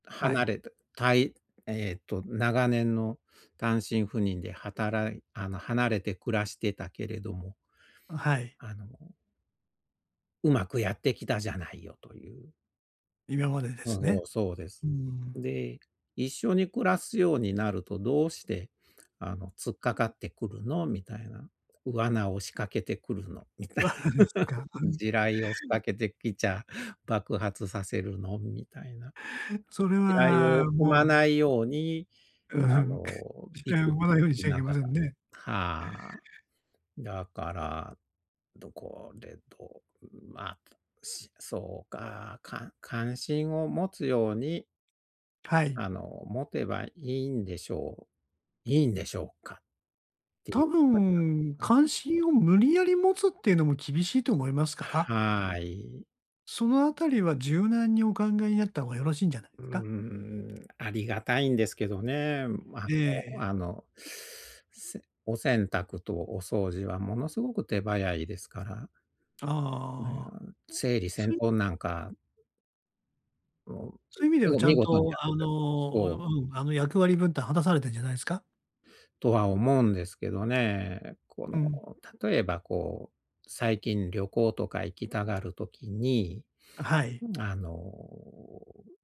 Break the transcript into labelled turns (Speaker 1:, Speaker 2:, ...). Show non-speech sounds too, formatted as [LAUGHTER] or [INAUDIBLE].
Speaker 1: は
Speaker 2: 離
Speaker 1: い。
Speaker 2: れて、たいえっと、長年の単身赴任で働いあの、離れて暮らしてたけれども
Speaker 1: うん、はい。
Speaker 2: あのうまくやってきたじゃないよという。
Speaker 1: 今までで
Speaker 2: うん、
Speaker 1: す
Speaker 2: お
Speaker 1: ね。
Speaker 2: う、そうです。
Speaker 1: うーん。
Speaker 2: で、一緒に暮らすようになると、どうして、あの、突っかかってくるのみたいな。罠を仕掛けてくるのみたい。
Speaker 1: わ、はねしょ、ぎ
Speaker 2: [CHUCKLES]
Speaker 1: ゃあん。
Speaker 2: 地雷を仕掛けてきちゃ、爆発させるのみたいな。
Speaker 1: それ
Speaker 2: 地雷
Speaker 1: は
Speaker 2: を踏ま
Speaker 1: も
Speaker 2: ない
Speaker 1: う。
Speaker 2: ように、
Speaker 1: うふ
Speaker 2: あ
Speaker 1: ん。[CHUCKLES]
Speaker 2: の、
Speaker 1: 地
Speaker 2: ピ
Speaker 1: 雷
Speaker 2: ク
Speaker 1: を踏
Speaker 2: ピ
Speaker 1: まない
Speaker 2: ク
Speaker 1: ようにしち
Speaker 2: し
Speaker 1: ゃい
Speaker 2: な
Speaker 1: けま
Speaker 2: がら。
Speaker 1: せんね。
Speaker 2: はあ。だから、どこでと、うん、まあ、しそうか、か関心を持つように
Speaker 1: はい。
Speaker 2: あの、持てばいいんでしょういいんでしょうかってい
Speaker 1: 多
Speaker 2: うことに
Speaker 1: 分、
Speaker 2: なあん。
Speaker 1: 関心を無理やり持つっていうのも、厳しいと思いますから
Speaker 2: ははい。
Speaker 1: そのあたりは、柔軟にお考えになった方がよろしいんじゃないで
Speaker 2: うー
Speaker 1: すか？
Speaker 2: ん。ありがたいんですけどね。ま、の、
Speaker 1: ええ。
Speaker 2: あの、せお洗濯とお掃除はものすごく手早いですから。ね、あ
Speaker 1: ああ。
Speaker 2: ん、つぇりせ
Speaker 1: そ
Speaker 2: ん
Speaker 1: ういう
Speaker 2: とんなんか。もう、
Speaker 1: そう
Speaker 2: う
Speaker 1: いう意味で
Speaker 2: み
Speaker 1: は、
Speaker 2: ご
Speaker 1: ちゃ
Speaker 2: 見
Speaker 1: ん
Speaker 2: 事に
Speaker 1: と、
Speaker 2: やっ
Speaker 1: あ
Speaker 2: てくれそう。
Speaker 1: の、ううん。あの、役割分担果たされてんじゃないすか？
Speaker 2: とは思うんですけどね。こ
Speaker 1: う
Speaker 2: の、
Speaker 1: ん。
Speaker 2: 例えば、こう、最近旅行とか行きたがる時に、
Speaker 1: あ、はい。
Speaker 2: うん、あの、う